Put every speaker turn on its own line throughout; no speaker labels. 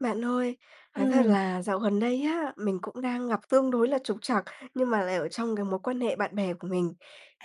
Bạn ơi, nói thật
Ừm.
là dạo gần đây á, mình cũng đang gặp tương đối là trục trặc, nhưng mà lại ở trong cái mối quan hệ bạn bè của mình.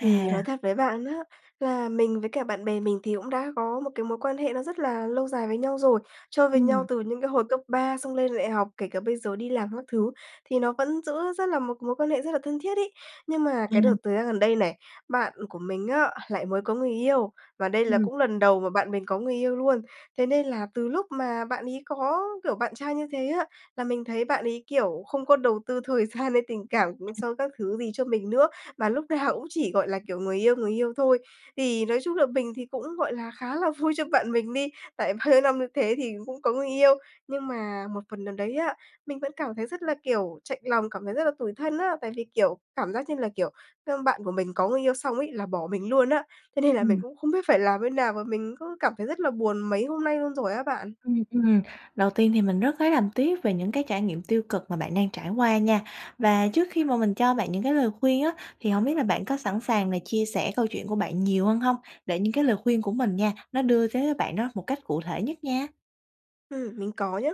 Thì nói thật với bạn á, là mình với cả bạn bè mình thì cũng đã có một cái mối quan hệ nó rất là lâu dài với nhau rồi, chơi với nhau
Ừm.
từ những cái hồi cấp 3 xong lên đại học, kể cả bây giờ đi làm các thứ thì nó vẫn giữ rất là một mối quan hệ rất là thân thiết ấy. Nhưng mà cái đợt
Yeah.
thời gian gần đây này, bạn của mình á, lại mới có người yêu, và đây là
Ừm.
cũng lần đầu mà bạn mình có người yêu luôn. Thế nên là từ lúc mà bạn ấy có, kiểu, bạn trai như thế á là mình thấy bạn ấy, kiểu, không có đầu tư thời gian hay tình cảm cũng sau các thứ gì cho mình nữa mà lúc nào cũng chỉ, gọi là, kiểu, người yêu, người yêu thôi. Thì nói chung là mình thì cũng, gọi là, khá là vui cho bạn mình đi, tại bao nhiêu năm như thế thì cũng có người yêu, nhưng mà một phần nào đấy á, mình vẫn cảm thấy rất là, kiểu, chạnh lòng, cảm thấy rất là tủi thân á, tại vì, kiểu, cảm giác như là, kiểu, ơ, bạn của mình có người yêu xong ấy là bỏ mình luôn á. Thế nên là mình
Ừm.
cũng không biết phải làm thế nào mà mình cứ cảm thấy rất là buồn mấy hôm nay luôn rồi á bạn.
Ừm, ừm, đầu tiên thì mình rất lấy làm tiếc về những cái trải nghiệm tiêu cực mà bạn đang trải qua nha. Và trước khi mà mình cho bạn những cái lời khuyên á thì hông biết là bạn có sẵn sàng là chia sẻ câu chuyện của bạn nhiều hơn hông? Để những cái lời khuyên của mình nha, nó đưa tới cho bạn đó một cách cụ thể nhất nha.
Ừm, mình có nhá.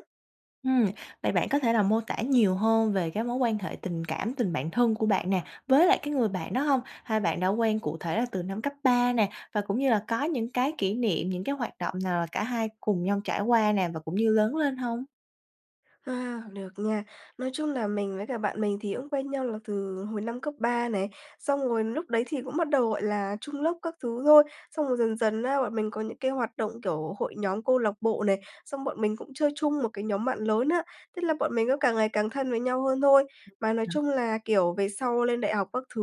Ừm, vậy bạn có thể là mô tả nhiều hơn về cái mối quan hệ tình cảm, tình bạn thân của bạn nè, với lại cái người bạn đó hông? Hai bạn đã quen cụ thể là từ năm cấp ba nè, và cũng như là có những cái kỷ niệm, những cái hoạt động nào là cả hai cùng nhau trải qua nè và cũng như lớn lên hông?
À, được nha. Nói chung là mình với cả bạn mình thì cũng quen nhau là từ hồi năm cấp ba này, xong rồi lúc đấy thì cũng bắt đầu, gọi là, chung lớp các thứ thôi. Xong rồi dần dần á, bọn mình có những cái hoạt động, kiểu, hội nhóm, câu lạc bộ này, xong bọn mình cũng chơi chung một cái nhóm bạn lớn á, tức là bọn mình cứ càng ngày càng thân với nhau hơn thôi. Mà, nói chung là, kiểu, về sau lên đại học các thứ,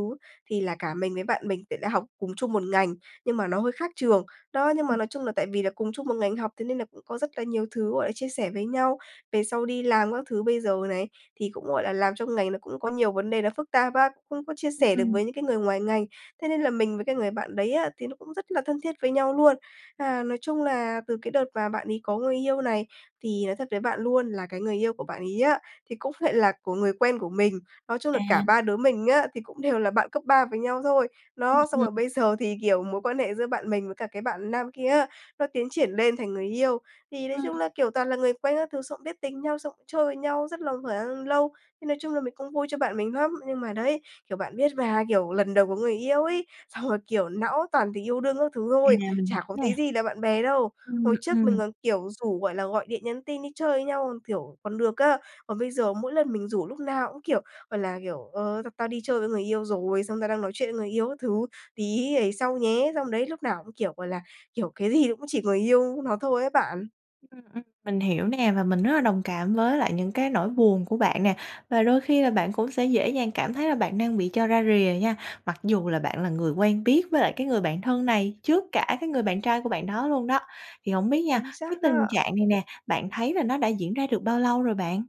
thì là cả mình với bạn mình thì lại học cùng chung 1 ngành, nhưng mà nó hơi khác trường. Đó, nhưng mà, nói chung là, tại vì là cùng chung 1 ngành học, thế nên là cũng có rất là nhiều thứ, gọi là, chia sẻ với nhau. Về sau đi làm các thứ bây giờ này, thì cũng, gọi là, làm trong ngành, nó cũng có nhiều vấn đề là phức tạp và không có chia sẻ được
Ừm.
với những cái người ngoài ngành. Thế nên là mình với cái người bạn đấy á thì nó cũng rất là thân thiết với nhau luôn. À, nói chung là, từ cái đợt mà bạn ấy có người yêu này, thì nói thật với bạn luôn là cái người yêu của bạn ấy á thì cũng lại là của người quen của mình. Nói chung là cả
À.
ba đứa mình á, thì cũng đều là bạn cấp ba với nhau thôi.
Ừm,
Đó, xong rồi
ừm.
bây giờ thì, kiểu, mối quan hệ giữa bạn mình với cả cái bạn nam kia á, nó tiến triển lên thành người yêu. Thì, nói chung
Ừm.
là, kiểu, toàn là người quen các thứ, xong cũng biết tính nhau, xong cũng chơi với nhau rất là khoảng lâu, thì, nói chung là, mình cũng vui cho bạn mình lắm, nhưng mà đấy, kiểu, bạn biết mà, kiểu, lần đầu có người yêu ấy, xong là, kiểu, não toàn tình yêu đương các thứ
À,
thôi,
mình hiểu
chả có tí
nè.
gì là bạn bè đâu.
Ừm,
Hồi trước mình
ừm.
còn, kiểu, rủ, gọi là, gọi điện, nhắn tin, đi chơi với nhau, còn kiểu, còn được á. Còn bây giờ mỗi lần mình rủ, lúc nào cũng, kiểu, gọi là, kiểu: “Ờ, tao tao đi chơi với người yêu rồi”, xong “tao đang nói chuyện với người yêu các thứ, tí ấy sau nhé.” Xong đấy, lúc nào cũng, kiểu, gọi là, kiểu, cái gì nó cũng chỉ người yêu nó thôi ấy bạn.
Ừm, ừm, mình hiểu nè, và mình rất là đồng cảm với lại những cái nỗi buồn của bạn nè. Và đôi khi là bạn cũng sẽ dễ dàng cảm thấy là bạn đang bị cho ra rìa nha, mặc dù là bạn là người quen biết với lại cái người bạn thân này trước cả cái người bạn trai của bạn đó luôn đó. Thì hổng biết nha,
Chính
cái
xác
tình
á.
trạng này nè, bạn thấy là nó đã diễn ra được bao lâu rồi bạn?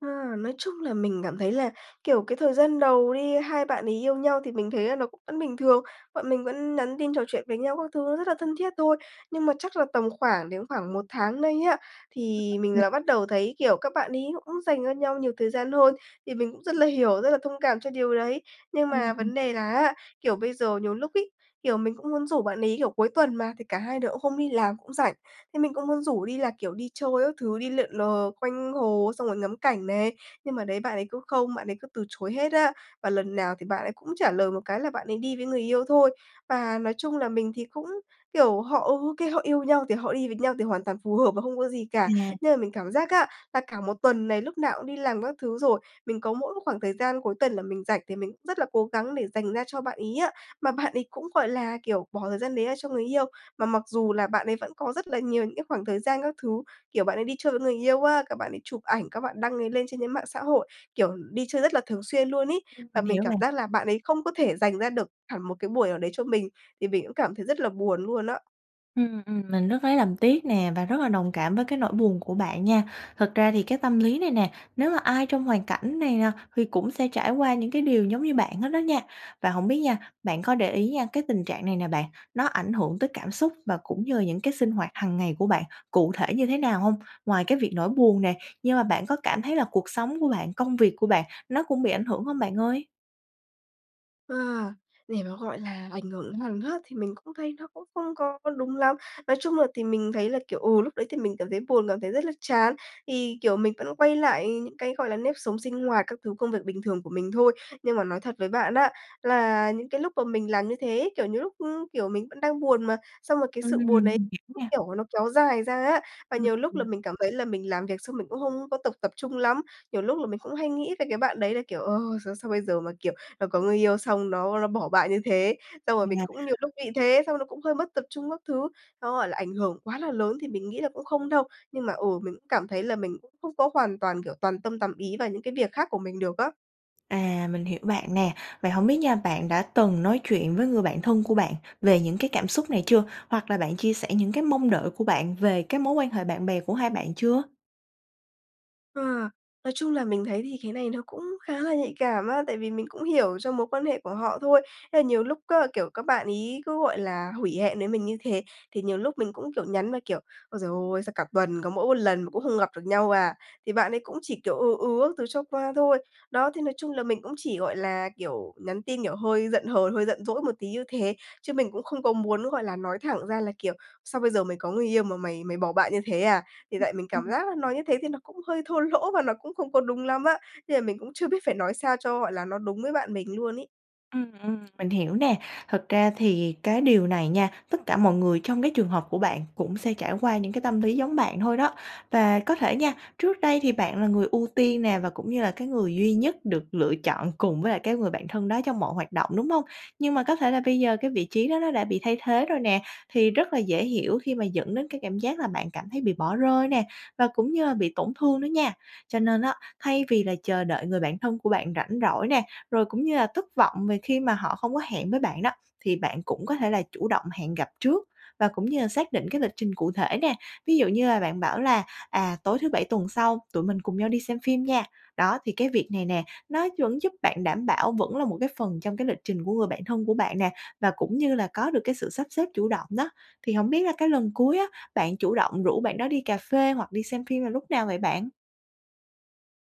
À, nói chung là mình cảm thấy là, kiểu, cái thời gian đầu đi, 2 bạn ấy yêu nhau thì mình thấy là nó cũng vẫn bình thường, bọn mình vẫn nhắn tin trò chuyện với nhau các thứ nó rất là thân thiết thôi. Nhưng mà chắc là tầm khoảng đến khoảng 1 tháng nay á, thì mình là bắt đầu thấy, kiểu, các bạn ấy cũng dành cho nhau nhiều thời gian hơn, thì mình cũng rất là hiểu, rất là thông cảm cho điều đấy. Nhưng
Ừm,
mà
ừm.
vấn đề là á, kiểu, bây giờ nhiều lúc ấy, kiểu, mình cũng muốn rủ bạn ấy, kiểu, cuối tuần mà thì cả hai đứa cũng không đi làm, cũng rảnh, thế mình cũng muốn rủ đi là, kiểu, đi chơi các thứ, đi lượn lờ quanh hồ xong rồi ngắm cảnh này, nhưng mà đấy, bạn ấy cứ không bạn ấy cứ từ chối hết á. Và lần nào thì bạn ấy cũng trả lời một cái là bạn ấy đi với người yêu thôi. Và, nói chung là, mình thì cũng, kiểu, họ, ừ, ô kê, họ yêu nhau thì họ đi với nhau thì hoàn toàn phù hợp và không có gì cả,
À.
nhưng mà mình cảm giác á, là cả 1 tuần này lúc nào cũng đi làm các thứ rồi, mình có mỗi một khoảng thời gian cuối tuần là mình rảnh thì mình rất là cố gắng để dành ra cho bạn ấy á, mà bạn ấy cũng, gọi là, kiểu, bỏ thời gian đấy ra cho người yêu, mà mặc dù là bạn ấy vẫn có rất là nhiều những cái khoảng thời gian các thứ. Kiểu, bạn ấy đi chơi với người yêu á, các bạn ấy chụp ảnh, các bạn đăng ấy lên trên những mạng xã hội, kiểu, đi chơi rất là thường xuyên luôn ấy,
Ừm,
và
mình
mình
hiểu
cảm
bạn.
giác là bạn ấy không có thể dành ra được hẳn một cái buổi nào đấy cho mình, thì mình cũng cảm thấy rất là buồn luôn á.
Ừm, ừm, mình rất lấy làm tiếc nè và rất là đồng cảm với cái nỗi buồn của bạn nha. Thật ra thì cái tâm lý này nè, nếu mà ai trong hoàn cảnh này nè thì cũng sẽ trải qua những cái điều giống như bạn hết đó nha. Và hổng biết nha, bạn có để ý nha, cái tình trạng này nè bạn, nó ảnh hưởng tới cảm xúc và cũng như là những cái sinh hoạt hằng ngày của bạn cụ thể như thế nào hông? Ngoài cái việc nỗi buồn nè, nhưng mà bạn có cảm thấy là cuộc sống của bạn, công việc của bạn nó cũng bị ảnh hưởng hông bạn ơi?
Ờ, để mà, gọi là, ảnh hưởng đến hằng hớt thì mình cũng thấy nó cũng không có đúng lắm. Nói chung là thì mình thấy là, kiểu, ừ, lúc đấy thì mình cảm thấy buồn, cảm thấy rất là chán thì, kiểu, mình vẫn quay lại những cái, gọi là, nếp sống sinh hoạt các thứ công việc bình thường của mình thôi. Nhưng mà nói thật với bạn á là những cái lúc mà mình làm như thế ấy, kiểu như lúc, kiểu, mình vẫn đang buồn mà, xong rồi cái
Ừm,
sự buồn ấy
mình hiểu
cứ,
nha.
kiểu, nó kéo dài ra á, và
Ừm,
nhiều lúc là
ừm.
mình cảm thấy là mình làm việc xong mình cũng không có tục tập trung lắm. Nhiều lúc là mình cũng hay nghĩ về cái bạn đấy là, kiểu, ờ, sao bây giờ mà, kiểu, nó có người yêu xong nó nó bỏ bạn như thế. Xong rồi mình cũng nhiều lúc
[unintelligible]
nghĩ thế, xong nó cũng hơi mất tập trung các thứ, nó gọi là ảnh hưởng quá là lớn thì mình nghĩ là cũng không đâu. Nhưng mà, ừ, mình cũng cảm thấy là mình cũng không có hoàn toàn, kiểu, toàn tâm tầm ý vào những cái việc khác của mình được á.
À, mình hiểu bạn nè, vậy hổng biết nha bạn đã từng nói chuyện với người bạn thân của bạn về những cái cảm xúc này chưa? Hoặc là bạn chia sẻ những cái mong đợi của bạn về cái mối quan hệ bạn bè của hai bạn chưa?
Ờ, nói chung là mình thấy thì cái này nó cũng khá là nhạy cảm á, tại vì mình cũng hiểu cho mối quan hệ của họ thôi. Thế là nhiều lúc á, kiểu, các bạn ấy cứ, gọi là, hủy hẹn với mình như thế, thì nhiều lúc mình cũng, kiểu, nhắn mà kiểu "Ôi trời ơi! Sao cả tuần có mỗi 1 lần mà cũng không gặp được nhau à?" Thì bạn ấy cũng chỉ, kiểu, ừ, ừ các thứ cho qua thôi. Đó, thì nói chung là mình cũng chỉ, gọi là, kiểu, nhắn tin, kiểu, hơi giận hờn, hơi giận dỗi một tí như thế, chứ mình cũng không có muốn, gọi là, nói thẳng ra là, kiểu, "Sao bây giờ mày có người yêu mà mày mày bỏ bạn như thế à?" Thì
Ừm,
tại mình cảm
ừm.
giác là nói như thế thì nó cũng hơi thô lỗ và nó cũng không có đúng lắm á. Nên là mình cũng chưa biết phải nói sao cho, gọi là, nó đúng với bạn mình luôn ấy.
Ừm, ừm, mình hiểu nè, thật ra thì cái điều này nha, tất cả mọi người trong cái trường hợp của bạn cũng sẽ trải qua những cái tâm lý giống bạn thôi đó. Và có thể nha, trước đây thì bạn là người ưu tiên nè và cũng như là cái người duy nhất được lựa chọn cùng với lại cái người bạn thân đó trong mọi hoạt động, đúng hông? Nhưng mà có thể là bây giờ cái vị trí đó nó đã bị thay thế rồi nè, thì rất là dễ hiểu khi mà dẫn đến cái cảm giác là bạn cảm thấy bị bỏ rơi nè, và cũng như là bị tổn thương đó nha. Cho nên á, thay vì là chờ đợi người bạn thân của bạn rảnh rỗi nè, rồi cũng như là thất vọng về khi mà họ không có hẹn với bạn đó, thì bạn cũng có thể là chủ động hẹn gặp trước và cũng như là xác định cái lịch trình cụ thể nè. Ví dụ như là bạn bảo là "À, tối thứ Bảy tuần sau tụi mình cùng nhau đi xem phim nha?" Đó, thì cái việc này nè, nó vẫn giúp bạn đảm bảo, vẫn là một cái phần trong cái lịch trình của người bạn thân của bạn nè, và cũng như là có được cái sự sắp xếp chủ động đó. Thì hổng biết là cái lần cuối á bạn chủ động rủ bạn đó đi cà phê hoặc đi xem phim là lúc nào vậy bạn?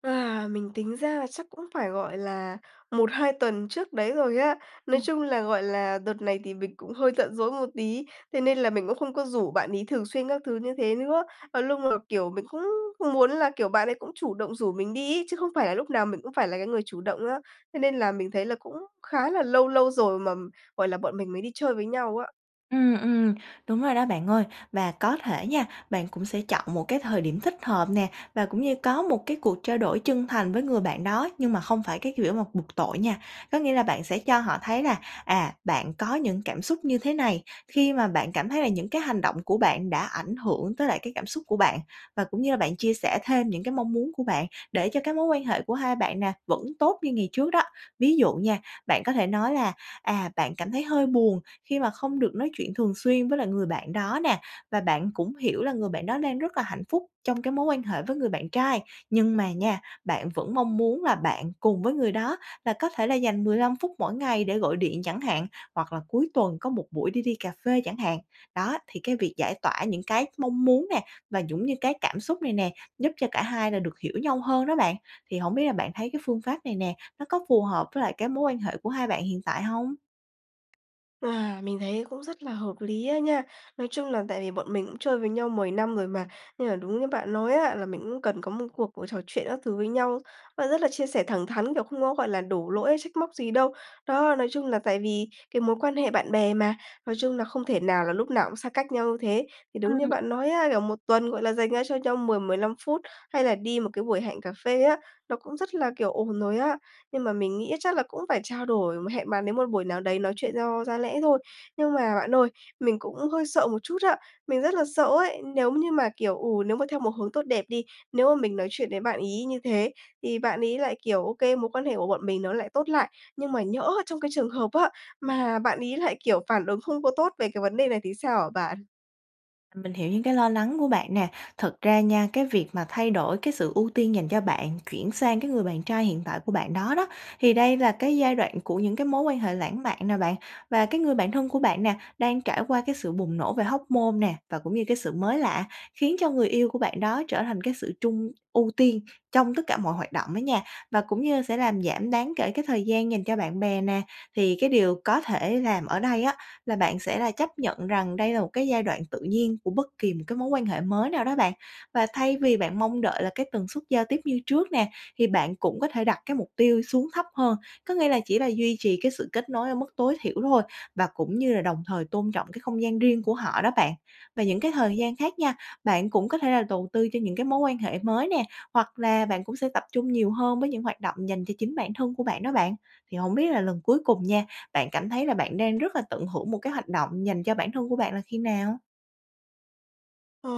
À, mình tính ra là chắc cũng phải, gọi là, 1-2 tuần trước đấy rồi á. Nói
Ừm.
chung là, gọi là, đợt này thì mình cũng hơi giận dỗi một tí, thế nên là mình cũng không có rủ bạn ấy thường xuyên các thứ như thế nữa. Và lúc mà, kiểu, mình cũng muốn là, kiểu, bạn ấy cũng chủ động rủ mình đi ấy, chứ không phải là lúc nào mình cũng phải là cái người chủ động á. Thế nên là mình thấy là cũng khá là lâu lâu rồi mà, gọi là, bọn mình mới đi chơi với nhau á.
Ừm, ừm, đúng rồi đó, bạn ơi. Và có thể nha, bạn cũng sẽ chọn một cái thời điểm thích hợp nè, và cũng như có một cái cuộc trao đổi chân thành với người bạn đó, nhưng mà không phải cái kiểu mà bục tội nha. Có nghĩa là bạn sẽ cho họ thấy là, à, bạn có những cảm xúc như thế này, khi mà bạn cảm thấy là những cái hành động của bạn đã ảnh hưởng tới lại cái cảm xúc của bạn và cũng như là bạn chia sẻ thêm những cái mong muốn của bạn để cho cái mối quan hệ của hai bạn nè vẫn tốt như ngày trước đó. Ví dụ nha, bạn có thể nói là, à, bạn cảm thấy hơi buồn khi mà không được nói chuyện thường xuyên với lại người bạn đó nè và bạn cũng hiểu là người bạn đó đang rất là hạnh phúc trong cái mối quan hệ với người bạn trai. Nhưng mà nha, bạn vẫn mong muốn là bạn cùng với người đó là có thể là dành 15 phút mỗi ngày để gọi điện chẳng hạn, hoặc là cuối tuần có một buổi để đi cà phê chẳng hạn. Đó. Thì cái việc giải tỏa những cái mong muốn nè, và cũng như cái cảm xúc này nè, giúp cho cả hai là được hiểu nhau hơn đó bạn. Thì hổng biết là bạn thấy cái phương pháp này nè, nó có phù hợp với lại cái mối quan hệ của hai bạn hiện tại hông?
À, mình thấy cũng rất là hợp lý á nha. Nói chung là tại vì bọn mình cũng chơi với nhau 10 năm rồi mà, nhưng mà đúng như bạn nói á, là mình cũng cần có một cuộc buổi trò chuyện các thứ với nhau, nó rất là chia sẻ thẳng thắn, kiểu, không có, gọi là, đổ lỗi hay trách móc gì đâu. Đó, nói chung là tại vì cái mối quan hệ bạn bè mà, nói chung là không thể nào là lúc nào cũng xa cách nhau như thế. Thì đúng
Ừm,
như bạn nói
ờm.
á, kiểu, một tuần, gọi là, dành ra cho nhau 10-15 phút, hay là đi một cái buổi hẹn cà phê á, nó cũng rất là, kiểu, ổn rồi á. Nhưng mà mình nghĩ á chắc là cũng phải trao đổi, hẹn bạn ấy một buổi nào đấy nói chuyện do ra lẽ thôi. Nhưng mà bạn ơi, mình cũng hơi sợ một chút á, mình rất là sợ ấy, nếu như mà, kiểu, ừ, nếu mà theo một hướng tốt đẹp đi, nếu mà mình nói chuyện với bạn ấy như thế thì bạn ấy lại, kiểu, ô kê, mối quan hệ của bọn mình nó lại tốt lại, nhưng mà nhỡ trong cái trường hợp á, mà bạn ấy lại, kiểu, phản ứng không có tốt về cái vấn đề này thì sao hả bạn?
Mình hiểu những cái lo lắng của bạn nè. Thật ra nha, cái việc mà thay đổi cái sự ưu tiên dành cho bạn chuyển sang cái người bạn trai hiện tại của bạn đó đó, thì đây là cái giai đoạn của những cái mối quan hệ lãng mạn nè bạn. Và cái người bạn thân của bạn nè, đang trải qua cái sự bùng nổ về hormone nè, và cũng như cái sự mới lạ khiến cho người yêu của bạn đó trở thành cái sự chung ưu tiên trong tất cả mọi hoạt động đó nha, và cũng như sẽ làm giảm đáng kể cái thời gian dành cho bạn bè nè. Thì cái điều có thể làm ở đây á là bạn sẽ là chấp nhận rằng đây là một cái giai đoạn tự nhiên của bất kỳ một cái mối quan hệ mới nào đó bạn. Và thay vì bạn mong đợi là cái tần suất giao tiếp như trước nè, thì bạn cũng có thể đặt cái mục tiêu xuống thấp hơn, có nghĩa là chỉ là duy trì cái sự kết nối ở mức tối thiểu thôi, và cũng như là đồng thời tôn trọng cái không gian riêng của họ đó bạn. Và những cái thời gian khác nha, bạn cũng có thể là tầu tư cho những cái mối quan hệ mới nè, hoặc là bạn cũng sẽ tập trung nhiều hơn với những hoạt động dành cho chính bản thân của bạn đó bạn. Thì hổng biết là lần cuối cùng nha, bạn cảm thấy là bạn đang rất là tận hưởng một cái hoạt động dành cho bản thân của bạn là khi nào?
Ờ,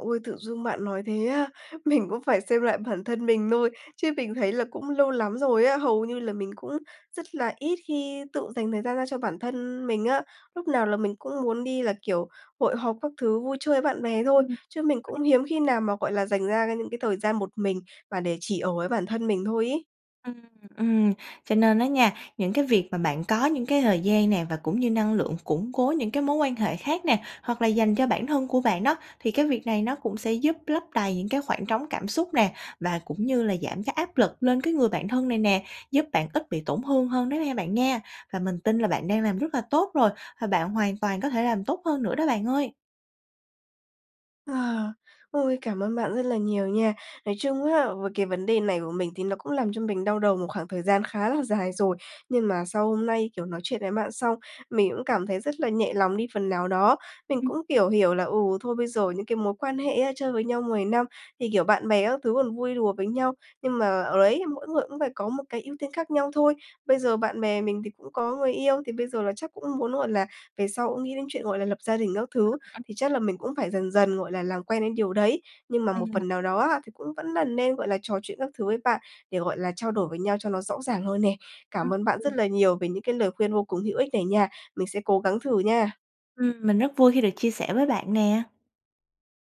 ôi! Tự dưng bạn nói thế á mình cũng phải xem lại bản thân mình thôi chứ mình thấy là cũng lâu lắm rồi á, hầu như là mình cũng rất là ít khi tự dành thời gian ra cho bản thân mình á, lúc nào là mình cũng muốn đi là, kiểu, hội họp các thứ vui chơi với bạn bè thôi,
Ừm.
chứ mình
[unintelligible]
cũng hiếm khi nào mà, gọi là, dành ra cái những cái thời gian một mình và để chỉ ở với bản thân mình thôi ấy.
Ừm, ừm, cho nên á nha, những cái việc mà bạn có những cái thời gian nè và cũng như năng lượng củng cố những cái mối quan hệ khác nè, hoặc là dành cho bản thân của bạn đó. Thì cái việc này nó cũng sẽ giúp lấp đầy những cái khoảng trống cảm xúc nè, và cũng như là giảm cái áp lực lên cái người bạn thân này nè, giúp bạn ít bị tổn hương hơn đó ha bạn nha. Và mình tin là bạn đang làm rất là tốt rồi và bạn hoàn toàn có thể làm tốt hơn nữa đó bạn ơi.
Ờ, ôi! Cảm ơn bạn rất là nhiều nha. Nói chung á, với cái vấn đề này của mình thì nó cũng làm cho mình đau đầu một khoảng thời gian khá là dài rồi. Nhưng mà sau hôm nay, kiểu, nói chuyện với bạn xong, mình cũng cảm thấy rất là nhẹ lòng đi phần nào đó. Mình
Ừm.
cũng, kiểu, hiểu là, ừ, thôi bây giờ những cái mối quan hệ á chơi với nhau 10 năm thì, kiểu, bạn bè các thứ còn vui đùa với nhau, nhưng mà, ờ, đấy, mỗi người cũng phải có một cái ưu tiên khác nhau thôi. Bây giờ bạn bè mình thì cũng có người yêu, thì bây giờ là chắc cũng muốn, gọi là, về sau cũng nghĩ đến chuyện, gọi là, lập gia đình các thứ, thì chắc là mình cũng phải
[unintelligible]
dần dần gọi là làm quen đến điều đấy. Nhưng mà một
Ừm.
phần nào đó á thì cũng vẫn là nên, gọi là, trò chuyện các thứ với bạn để, gọi là, trao đổi với nhau cho nó rõ ràng hơn nè.
Ừm,
Cảm ơn bạn rất
ừ.
là nhiều về những cái lời khuyên vô cùng hữu ích này nha. Mình sẽ cố gắng thử nha.
Ừm, mình rất vui khi được chia sẻ với bạn nè.